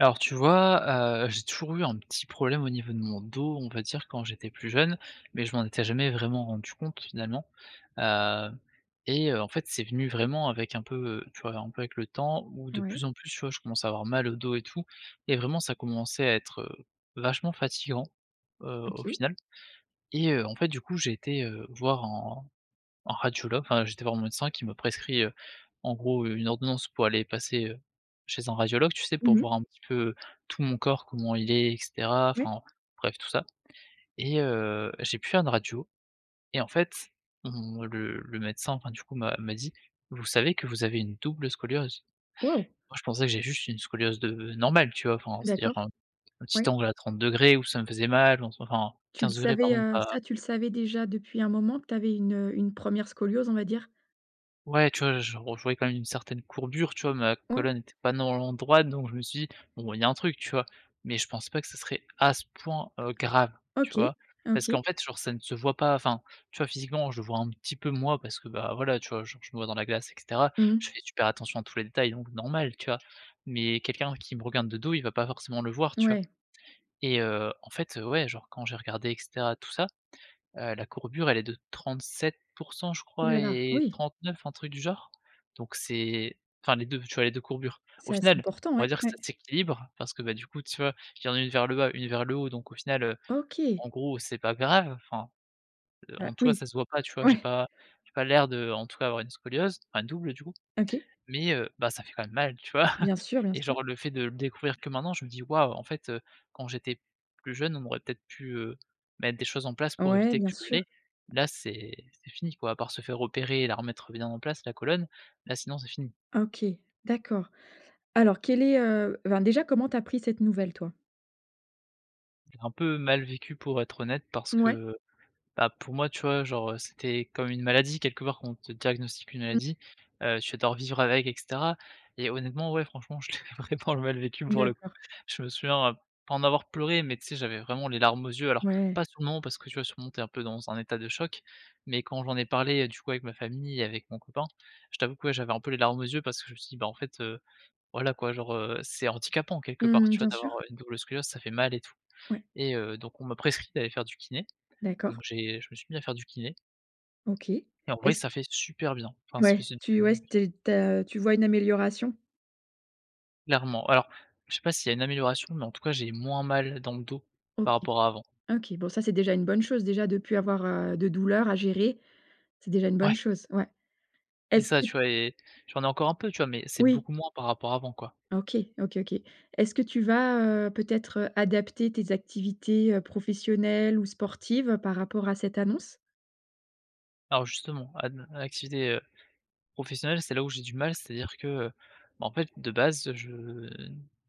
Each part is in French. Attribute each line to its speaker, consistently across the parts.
Speaker 1: Alors tu vois, heu, j'ai toujours eu un petit problème au niveau de mon dos, on va dire quand j'étais plus jeune, mais je m'en étais jamais vraiment rendu compte, finalement, hem, et heu, en fait, c'est venu vraiment avec un peu, heu, tu vois? Un peu avec le temps où de
Speaker 2: Moui.
Speaker 1: plus en plus, tu vois, je commençais à avoir mal au dos et tout, et vraiment, ça commençait à être, heu, vachement fatigant, heu, au
Speaker 2: OK.
Speaker 1: final, et heu, en fait, du coup, j'ai été, heu, voir un un radiologue. Enfin, j'ai été voir mon médecin qui ma prescrit, heu, en gros une ordonnance pour aller passer, heu, chez un radiologue. Tu sais, pour
Speaker 2: Mmh
Speaker 1: voir
Speaker 2: mh.
Speaker 1: un petit peu, heu, tout mon corps, comment il est, et cetera,
Speaker 2: Ouais.
Speaker 1: enfin bref, tout ça, et heu, j'ai pu faire une radio et en fait, mmh, le le médecin, enfin du coup, m'a m'a dit: «Vous savez que vous avez une double scoliose?»
Speaker 2: Waouh.
Speaker 1: Moi je pensais que j'ai juste une scoliose de normale tu vois? Enfin c'est-à-dire, un
Speaker 2: D'accord.
Speaker 1: petit
Speaker 2: Ouais.
Speaker 1: angle à 30° où ça me faisait mal en soit enfin
Speaker 2: Tu le
Speaker 1: 15°
Speaker 2: savais,
Speaker 1: pardon,
Speaker 2: heu,
Speaker 1: pas
Speaker 2: ça tu le savais déjà depuis un moment que tu avais une, heu, une 1re scoliose, on va dire?
Speaker 1: Ouais, tu vois j je on je voyais quand même une certaine courbure tu vois? Ma
Speaker 2: Ouais.
Speaker 1: colonne était pas normalement droite donc je me suis dit: «Bon il y a un truc» tu vois? Mais je pensais pas que ce serait à ce point, heu, grave, tu
Speaker 2: OK.
Speaker 1: vois? Parce
Speaker 2: OK.
Speaker 1: qu'en fait sur ce n ça ne se voit pas, enfin tu vois, physiquement, je le vois un petit peu moi, parce que bah, voilà, tu vois? Genre je me vois dans la glace et cetera.
Speaker 2: Mmh
Speaker 1: Je
Speaker 2: mh.
Speaker 1: fais super attention à tous les détails, donc normal, tu vois, mais quelqu'un qui me regarde de dos, il va pas forcément le voir, tu vois?
Speaker 2: Ouais.
Speaker 1: Et heu, en fait, heu, ouais, genre quand j'ai regardé, et cetera, tout ça, heu, la courbure, elle est de 37 % je
Speaker 2: Ouh
Speaker 1: crois,
Speaker 2: la la,
Speaker 1: et
Speaker 2: oui.
Speaker 1: 39 un truc du genre, donc c'est enfin les 2 tu vois, les 2 courbures, au
Speaker 2: C'est assez
Speaker 1: final,
Speaker 2: important,
Speaker 1: on va
Speaker 2: ouais,
Speaker 1: dire que
Speaker 2: ouais.
Speaker 1: ça s'équilibre parce que, bah, du coup tu vois, il y en a une vers le bas, une vers le haut, donc au final, heu,
Speaker 2: OK.
Speaker 1: en gros, c'est pas grave. Enfin,
Speaker 2: Ah
Speaker 1: en toi,
Speaker 2: oui.
Speaker 1: ça se voit pas, tu vois, j'ai
Speaker 2: Ouais.
Speaker 1: pas j'ai pas l'air de en tout cas avoir une scoliose, enfin double du coup,
Speaker 2: OK.
Speaker 1: mais heu bah, ça fait quand même mal, tu vois,
Speaker 2: Bien sûr, bien
Speaker 1: et
Speaker 2: sûr.
Speaker 1: genre le fait de le découvrir que maintenant je me dis: «Waouh» en fait, heu, quand j'étais plus jeune, on aurait peut-être pu, heu, mettre des choses en place, pour
Speaker 2: Ouais,
Speaker 1: éviter que
Speaker 2: bien
Speaker 1: je
Speaker 2: sûr.
Speaker 1: l'ai. Là c'est c'est fini quoi, à part se faire opérer et la remettre bien en place la colonne, là sinon c'est fini.
Speaker 2: OK, d'accord. Alors, quel est, heu, enfin déjà comment tu as pris cette nouvelle toi?
Speaker 1: J'ai un peu mal vécu pour être honnête parce
Speaker 2: Mouais.
Speaker 1: que, bah, pour moi, tu vois, genre, heu, c'était comme une maladie quelque part, qu'on te diagnostique une
Speaker 2: Mmh.
Speaker 1: maladie, heu, tu vas devoir vivre avec et cetera et honnêtement, ouais franchement je l'ai vraiment mal vécu pour le coup.
Speaker 2: D'accord.
Speaker 1: Je me souviens pas, heu, en avoir pleuré, mais tu sais j'avais vraiment les larmes aux yeux. Alors
Speaker 2: Ouais.
Speaker 1: pas sur le moment, parce que tu vois, sur le moment tu es un peu dans un peu dans un état de choc, mais quand j'en ai parlé, heu, du coup avec ma famille, avec mon copain, je t'avoue que ouais, j'avais un peu les larmes aux yeux. Parce que je me suis dit, bah en fait, heu, voilà quoi, genre, heu, c'est handicapant quelque part,
Speaker 2: Mmh,
Speaker 1: tu vois?
Speaker 2: bien
Speaker 1: D'avoir,
Speaker 2: sûr.
Speaker 1: heu, une double scoliose, ça fait mal et tout,
Speaker 2: Ouais.
Speaker 1: et heu, donc on m'a prescrit d'aller faire du kiné, donc
Speaker 2: D'accord.
Speaker 1: j'ai je me suis mis à faire du kiné
Speaker 2: OK.
Speaker 1: et en vrai,
Speaker 2: Est-ce
Speaker 1: ça fait super bien, enfin ça
Speaker 2: Ouais,
Speaker 1: faisait
Speaker 2: tu ouais,
Speaker 1: du
Speaker 2: c'était tu as tu vois une amélioration?
Speaker 1: Clairement. Alors, je sais pas s'il y a une amélioration, mais en tout cas, j'ai moins mal dans le dos
Speaker 2: OK
Speaker 1: par rapport à avant.
Speaker 2: OK, bon ça c'est déjà une bonne chose, déjà de plus avoir, heu, de douleur à gérer c'est déjà une
Speaker 1: Ouais.
Speaker 2: bonne chose, ouais.
Speaker 1: C'est
Speaker 2: Est-ce
Speaker 1: ça,
Speaker 2: qu
Speaker 1: tu vois, et j'en ai encore un peu, tu vois! Mais c'est
Speaker 2: Oui.
Speaker 1: beaucoup moins, par rapport à avant quoi.
Speaker 2: OK, OK, OK. Est-ce que tu vas, heu, peut-être adapter tes activités, heu, professionnelles ou sportives par rapport à cette annonce?
Speaker 1: Alors justement, à à l'activité, heu, professionnelle, c'est là où j'ai du mal, c'est-à-dire que, heu, bah en fait de base, je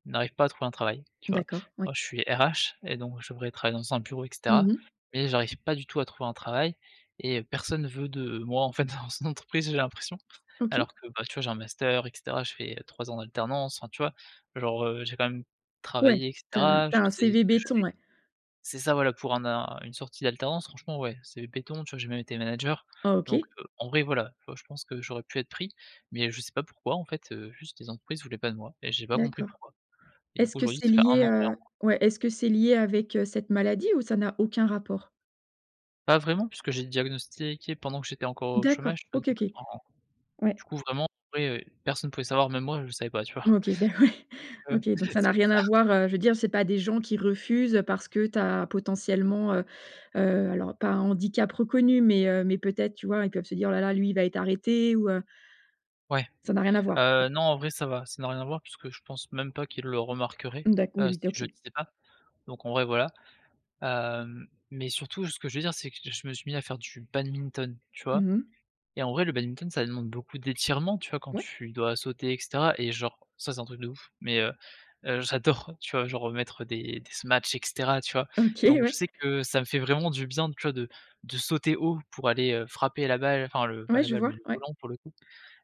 Speaker 1: n'arrive pas à trouver un travail, tu vois?
Speaker 2: D'accord, oui.
Speaker 1: Moi, je suis RH et donc je devrais travailler dans un bureau, et cetera,
Speaker 2: Mmh mh.
Speaker 1: mais j'arrive pas du tout à trouver un travail et heu, personne ne veut de moi en fait dans son entreprise, j'ai l'impression.
Speaker 2: OK.
Speaker 1: Alors que bah, tu vois, j'ai un master, et cetera, j'ai fait, heu, 3 ans en alternance, enfin tu vois? Genre, heu, j'ai quand même
Speaker 2: Ouais,
Speaker 1: travaillé, et
Speaker 2: tu as un
Speaker 1: cetera.
Speaker 2: tu
Speaker 1: Je
Speaker 2: as un
Speaker 1: sais ce
Speaker 2: CV
Speaker 1: que je
Speaker 2: béton,
Speaker 1: fais
Speaker 2: ouais.
Speaker 1: c'est ça voilà pour un a une sortie d'alternance franchement, ouais c'est béton, tu vois? J'ai même été manager
Speaker 2: Ah
Speaker 1: donc
Speaker 2: OK.
Speaker 1: en vrai voilà, tu vois, je pense que j'aurais pu être pris mais je sais pas pourquoi en fait, heu, juste les entreprises voulaient pas de moi et j'ai pas compris
Speaker 2: D'accord.
Speaker 1: pourquoi, et du
Speaker 2: Est-ce
Speaker 1: coup
Speaker 2: que
Speaker 1: aujourd'hui,
Speaker 2: c'est
Speaker 1: ça fait 1
Speaker 2: lié,
Speaker 1: an et 1
Speaker 2: heu,
Speaker 1: mois.
Speaker 2: ouais, est-ce que c'est lié avec, heu, cette maladie ou ça n'a aucun rapport?
Speaker 1: Pas vraiment puisque j'ai diagnostiqué pendant que j'étais encore au
Speaker 2: D'accord
Speaker 1: chômage, donc
Speaker 2: OK, OK.
Speaker 1: en
Speaker 2: Ouais.
Speaker 1: du coup, vraiment, vrai personne pouvait savoir, même moi, je savais pas tu vois?
Speaker 2: OK beh, ouais,
Speaker 1: Heu,
Speaker 2: OK donc ça
Speaker 1: c'est
Speaker 2: n'a
Speaker 1: pour
Speaker 2: rien
Speaker 1: ça.
Speaker 2: à voir, heu, je veux dire c'est pas des gens qui refusent, heu, parce que tu as potentiellement, heu heu, alors pas un handicap reconnu, mais heu, mais peut-être, tu vois? Ils peuvent se dire: «Oh la, la, lui il va être arrêté» ou heu
Speaker 1: Ouais,
Speaker 2: Ça n'a rien à voir, ouais.
Speaker 1: heu, non en vrai ça va, ça n'a rien à voir puisque je pense même pas qu'ils le remarqueraient,
Speaker 2: D'acc oui,
Speaker 1: heu,
Speaker 2: oui d
Speaker 1: si je
Speaker 2: OK
Speaker 1: le disais pas, donc en vrai, voilà, hem, mais surtout ce que je veux dire c'est que je me suis mis à faire du badminton tu vois,
Speaker 2: Mmh mh.
Speaker 1: et en vrai le badminton ça demande beaucoup d'étirements tu vois? Quand
Speaker 2: Ouais.
Speaker 1: tu dois sauter et cetera, et genre ça, c'est un truc de ouf mais heu heu, j'adore. Tu vois genre mettre des des smashs et cetera tu vois,
Speaker 2: OK
Speaker 1: donc je
Speaker 2: ouais.
Speaker 1: sais que ça me fait vraiment du bien, tu vois, de de sauter haut pour aller, heu, frapper la balle. Enfin le pas
Speaker 2: Ouais
Speaker 1: la
Speaker 2: je
Speaker 1: balle
Speaker 2: vois,
Speaker 1: mais le
Speaker 2: ouais.
Speaker 1: volant pour le coup,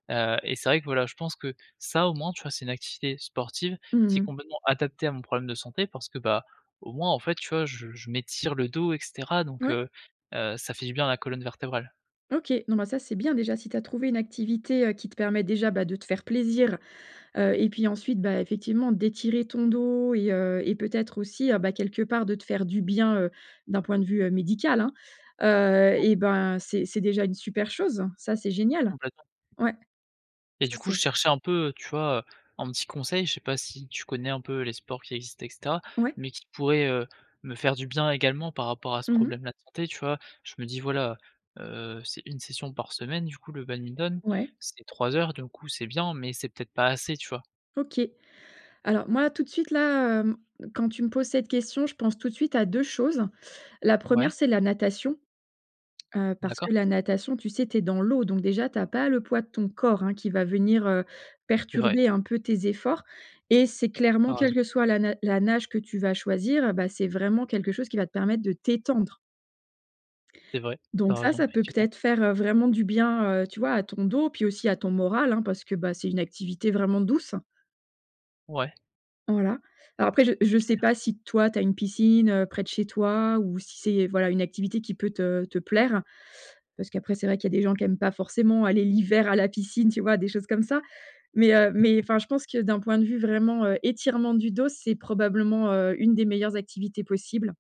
Speaker 1: heu, et c'est vrai que, voilà, je pense que ça, au moins tu vois, c'est une activité sportive
Speaker 2: Mmh
Speaker 1: qui est
Speaker 2: mh.
Speaker 1: complètement adaptée à mon problème de santé. Parce que bah, au moins en fait tu vois, je je m'étire le dos et cetera, donc
Speaker 2: Ouais.
Speaker 1: heu heu, ça fait du bien à la colonne vertébrale.
Speaker 2: OK, non, bah ça c'est bien déjà si tu as trouvé une activité, heu, qui te permet déjà bah de te faire plaisir, heu, et puis ensuite bah effectivement d'étirer ton dos et heu, et peut-être aussi ben quelque part de te faire du bien, heu, d'un point de vue, heu, médical. Heu,
Speaker 1: Ouais.
Speaker 2: eh ben, c'est c'est déjà une super chose, ça c'est génial!
Speaker 1: Complètement.
Speaker 2: Ouais.
Speaker 1: Et
Speaker 2: Ça
Speaker 1: du coup
Speaker 2: c'est
Speaker 1: je cherchais un peu, tu vois, heu, un petit conseil, je sais pas si tu connais un peu les sports qui existent et cetera,
Speaker 2: Ouais.
Speaker 1: mais qui pourraient, heu, me faire du bien également par rapport à ce
Speaker 2: Mmh mh.
Speaker 1: problème là de santé, tu vois? Je me dis: «Voilà, heu, c'est 1 session par semaine du coup le badminton,
Speaker 2: Ouais.
Speaker 1: c'est 3 heures d'un coup, c'est bien, mais c'est peut-être pas assez» tu vois?
Speaker 2: OK, alors moi tout de suite, là, hem, quand tu me poses cette question, je pense tout de suite à 2 choses. La
Speaker 1: Ouais.
Speaker 2: 1re c'est la natation, heu, parce
Speaker 1: D'accord.
Speaker 2: que la natation, tu sais, tu es dans l'eau donc déjà tu as pas le poids de ton corps, hein, qui va venir, heu,
Speaker 1: C'est vrai.
Speaker 2: perturber un peu tes efforts et c'est
Speaker 1: Tu
Speaker 2: clairement
Speaker 1: as raison.
Speaker 2: quelle que soit la na la nage que tu vas choisir, bah, c'est vraiment quelque chose qui va te permettre de t'étendre
Speaker 1: C'est vrai, tu
Speaker 2: donc
Speaker 1: as
Speaker 2: ça,
Speaker 1: raison,
Speaker 2: ça peut
Speaker 1: effectivement.
Speaker 2: peut-être faire vraiment du bien, heu, tu vois à ton dos puis aussi à ton moral, hein, parce que bah c'est une activité vraiment douce.
Speaker 1: Ouais.
Speaker 2: Voilà. Alors après, je je sais
Speaker 1: Clair.
Speaker 2: pas si, toi, tu as une piscine près de chez toi ou si c'est, voilà, une activité qui peut te te plaire parce qu'après, c'est vrai qu'il y a des gens qui aiment pas forcément aller l'hiver à la piscine, tu vois, des choses comme ça. Mais, heu, mais enfin je pense que, d'un point de vue vraiment, heu, étirement du dos, c'est probablement, heu, une des meilleures activités possibles.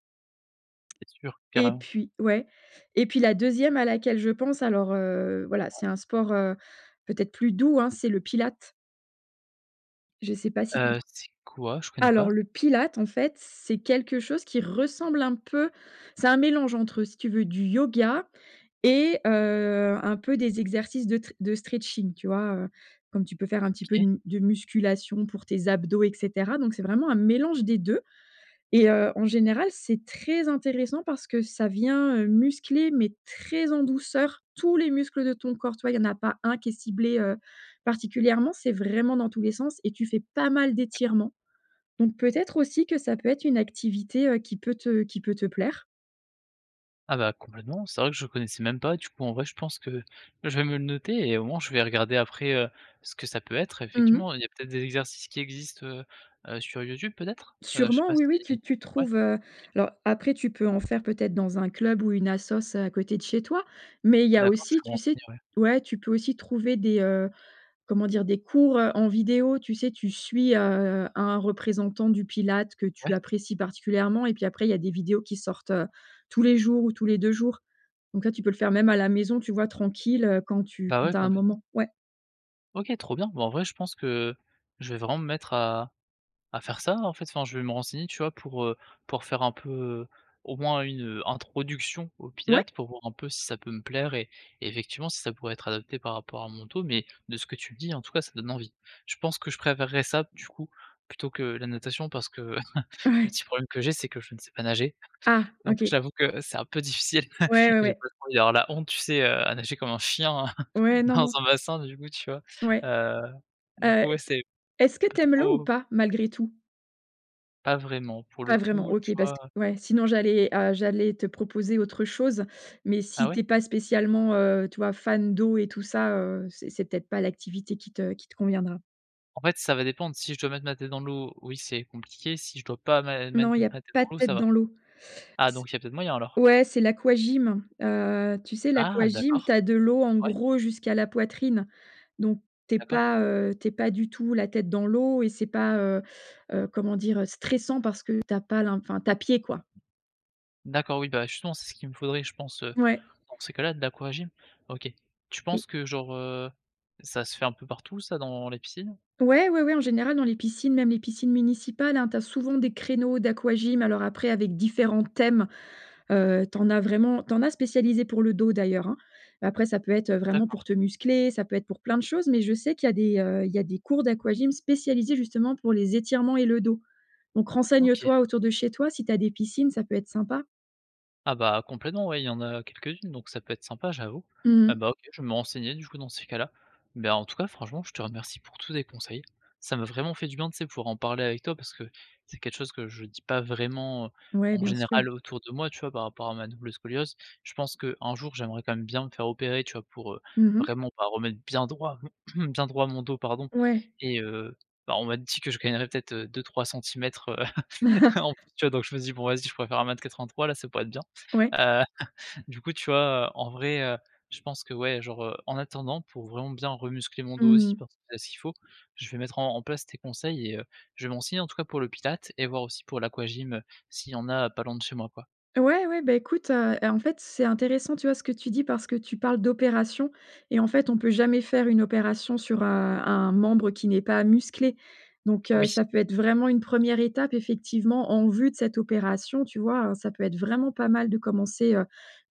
Speaker 1: C'est sûr,
Speaker 2: Et
Speaker 1: carrément.
Speaker 2: puis, ouais et puis la 2° à laquelle je pense, alors, heu, voilà,
Speaker 1: Ouais.
Speaker 2: c'est un sport, heu, peut-être plus doux, hein, c'est le Pilates. Je sais pas si
Speaker 1: Heu,
Speaker 2: contre
Speaker 1: c'est quoi? Je connais pas.
Speaker 2: alors, le Pilates, en fait, c'est quelque chose qui ressemble un peu c'est un mélange entre, si tu veux du yoga et heu, un peu des exercices de tre de stretching, tu vois? Heu, comme tu peux faire un petit peu
Speaker 1: OK.
Speaker 2: une de musculation pour tes abdos et cetera. Donc, c'est vraiment un mélange des 2 et heu, en général c'est très intéressant parce que ça vient, heu, muscler, mais très en douceur, tous les muscles de ton corps, tu vois? Il y en a pas un qui est ciblé, heu, particulièrement. C'est vraiment dans tous les sens et tu fais pas mal
Speaker 1: D'accord.
Speaker 2: d'étirements. Donc, peut-être aussi que ça peut être une activité, heu, qui peut te qui peut te plaire.
Speaker 1: Ah bah, complètement. C'est vrai que je connaissais même pas. Du coup, en vrai, je pense que que je vais me le noter et au moins, je vais regarder après, heu, ce que ça peut être.
Speaker 2: Mmh mh.
Speaker 1: Effectivement, il y a peut-être des exercices qui existent, heu-heu, sur YouTube, peut-être? Heu, je sais
Speaker 2: Sûrement,
Speaker 1: pas si
Speaker 2: oui oui. Tu tu
Speaker 1: ouais.
Speaker 2: trouves, heu,
Speaker 1: OK.
Speaker 2: alors, après, tu peux en faire peut-être dans un club ou une assos, heu, à côté de chez toi. Mais il y a
Speaker 1: D'accord, je
Speaker 2: aussi,
Speaker 1: vais me
Speaker 2: tu sais,
Speaker 1: renseigner, ouais.
Speaker 2: ouais, tu peux aussi trouver des, heu, comment dire, des cours, heu, en vidéo. Tu sais, tu suis, heu, un représentant du Pilates que
Speaker 1: Ouais.
Speaker 2: tu apprécies particulièrement et puis, après, il y a des vidéos qui sortent, heu, tous les jours ou tous les 2 jours. Donc là, tu peux le faire même à la maison, tu vois, tranquille, heu, quand tu
Speaker 1: Bah, ouais,
Speaker 2: tu as un
Speaker 1: complètement.
Speaker 2: moment. Ouais.
Speaker 1: OK, trop bien. Bah, en vrai, je pense que je vais vraiment me mettre à à faire ça, en fait. Enfin, je vais me renseigner, tu vois, pour, heu, pour faire un peu, au moins une, heu, introduction au
Speaker 2: Ouais!
Speaker 1: Pilates pour voir un peu si ça peut me plaire et et effectivement, si ça pourrait être adapté par rapport à mon dos. Mais de ce que tu dis, en tout cas, ça donne envie. Je pense que je préférerais ça, du coup, plutôt que la natation parce que, le
Speaker 2: Ouais.
Speaker 1: petit problème que j'ai, c'est que je ne sais pas nager.
Speaker 2: Ah.
Speaker 1: Donc, je
Speaker 2: OK.
Speaker 1: t'avoue que c'est un peu difficile.
Speaker 2: Ouais, ouais,
Speaker 1: J'ai
Speaker 2: ouais.
Speaker 1: pas trop envie d'avoir la honte, tu sais, heu, à nager comme un chien
Speaker 2: Ouais, non,
Speaker 1: dans
Speaker 2: non.
Speaker 1: un bassin, du coup, tu vois?
Speaker 2: Ouais,
Speaker 1: Heu, du
Speaker 2: heu,
Speaker 1: coup,
Speaker 2: t
Speaker 1: ouais, c'est
Speaker 2: est-ce que
Speaker 1: pas
Speaker 2: tu aimes l'eau ou
Speaker 1: trop
Speaker 2: pas malgré tout?
Speaker 1: Pas vraiment, pour le
Speaker 2: Pas vraiment,
Speaker 1: coup, tu
Speaker 2: OK, parce
Speaker 1: vois?
Speaker 2: que ouais, sinon, j'allais, heu, j'allais te proposer autre chose. Mais
Speaker 1: Ah
Speaker 2: si
Speaker 1: ouais?
Speaker 2: tu es pas spécialement, heu, tu vois, fan d'eau et tout ça, heu, c'est c'est peut-être pas l'activité qui te qui te conviendra.
Speaker 1: En fait, ça va dépendre si je dois mettre ma tête dans l'eau, oui, c'est compliqué, si je dois pas mé
Speaker 2: Non,
Speaker 1: mettre
Speaker 2: il y a
Speaker 1: ma tête dans
Speaker 2: pas de
Speaker 1: l'eau, ça
Speaker 2: tête
Speaker 1: va.
Speaker 2: dans l'eau.
Speaker 1: Ah
Speaker 2: C
Speaker 1: donc, il y a peut être moyen, alors?
Speaker 2: ouais, c'est l'aquagym, heu, tu sais,
Speaker 1: Ah
Speaker 2: l'aquagym,
Speaker 1: d'accord.
Speaker 2: tu as de l'eau, en
Speaker 1: Ouais.
Speaker 2: gros, jusqu'à la poitrine. Donc, tu es
Speaker 1: D'accord.
Speaker 2: pas, heu, tu es pas du tout la tête dans l'eau et c'est pas, heu-heu, comment dire? Stressant parce que tu as pas l'in enfin, tu as pied, quoi.
Speaker 1: D'accord oui, bah justement, c'est ce qu'il me faudrait, je pense, heu,
Speaker 2: Ouais.
Speaker 1: dans ces cas-là, de l'aquagym. OK, tu
Speaker 2: Et
Speaker 1: penses que genre, heu, ça se fait un peu partout ça dans les piscines?
Speaker 2: Ouais, ouais, ouais en général dans les piscines même les piscines municipales, hein, tu as souvent des créneaux d'aquagym alors après avec différents thèmes. Heu, tu en as vraiment, tu en as spécialisés pour le dos d'ailleurs, hein. Mais après ça peut être, heu, vraiment pour
Speaker 1: D'accord.
Speaker 2: te muscler ça peut être pour plein de choses mais je sais qu'il y a des, heu, il y a des cours d'aquagym spécialisés justement pour les étirements et le dos. Donc
Speaker 1: OK.
Speaker 2: renseigne-toi autour de chez toi, si tu as des piscines, ça peut être sympa.
Speaker 1: Ah bah complètement, ouais, il y en a quelques-unes, donc ça peut être sympa, j'avoue
Speaker 2: Mmh
Speaker 1: et
Speaker 2: mh.
Speaker 1: bah OK, je vais me renseigner du coup dans ces cas-là. Beh, en tout cas, franchement, je te remercie pour tous tes conseils. Ça m'a vraiment fait du bien, tu sais, pour en parler avec toi parce que c'est quelque chose que je dis pas vraiment, heu,
Speaker 2: Ouais
Speaker 1: en
Speaker 2: bien sûr.
Speaker 1: général autour de moi, tu vois, par rapport à ma double scoliose. Je pense qu'un jour, j'aimerais quand même bien me faire opérer, tu vois pour, heu,
Speaker 2: Mmh mh.
Speaker 1: vraiment pas remettre bien droit bien droit mon dos pardon
Speaker 2: Ouais.
Speaker 1: et heu, bah on m'a dit que je gagnerais peut-être, heu, 2-3 centimètres en plus, tu vois? Donc je me dis: «Bon vas-y je pourrais faire 1 m 83 là ça pourrait être bien».
Speaker 2: Ouais.
Speaker 1: Heu, du coup, tu vois, heu, en vrai, heu, je pense que ouais, genre, heu, en attendant, pour vraiment bien re-muscler mon dos aussi
Speaker 2: Mmh.
Speaker 1: parce que c'est ce qu'il faut, je vais mettre en en place tes conseils et heu, je vais me renseigner en tout cas pour le Pilates et voir aussi pour l'aquagym, heu, s'il y en a, heu, pas loin de chez moi, quoi.
Speaker 2: Ouais, ouais, bah écoute, heu et en fait, c'est intéressant, tu vois ce que tu dis parce que tu parles d'opération et en fait, on peut jamais faire une opération sur, heu, un membre qui n'est pas musclé. Donc heu,
Speaker 1: Oui.
Speaker 2: ça peut être vraiment une 1re étape effectivement en vue de cette opération, tu vois, heu, ça peut être vraiment pas mal de commencer, heu,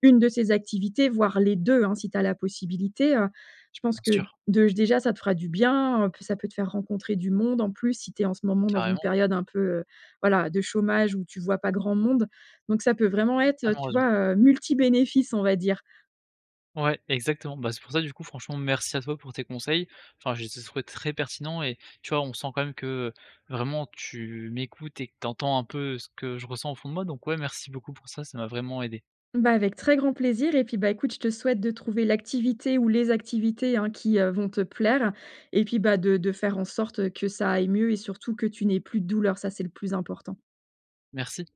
Speaker 2: 1 de ces activités voire les 2 hein si tu as la possibilité, heu, je pense
Speaker 1: Bien
Speaker 2: que
Speaker 1: sûr.
Speaker 2: dej déjà ça te fera du bien, heu, ça peut te faire rencontrer du monde, en plus, si tu es en ce moment dans une
Speaker 1: Carrément.
Speaker 2: période un peu, heu, voilà de chômage où tu vois pas grand monde donc ça peut vraiment être, heu,
Speaker 1: Tellement
Speaker 2: tu
Speaker 1: raison.
Speaker 2: vois, heu, multi bénéfices, on va dire.
Speaker 1: Ouais exactement, bah c'est pour ça du coup franchement merci à toi pour tes conseils, enfin je les ai trouvés très pertinents et tu vois, on sent quand même que, heu, vraiment tu m'écoutes et que t'entends un peu, heu, ce que je ressens au fond de moi donc ouais merci beaucoup pour ça, ça m'a vraiment aidé.
Speaker 2: Bah avec très grand plaisir et puis bah écoute je te souhaite de trouver l'activité ou les activités, hein, qui, heu, vont te plaire et puis bah de de faire en sorte, heu, que ça aille mieux et surtout que tu n'aies plus de douleur, ça c'est le plus important.
Speaker 1: Merci.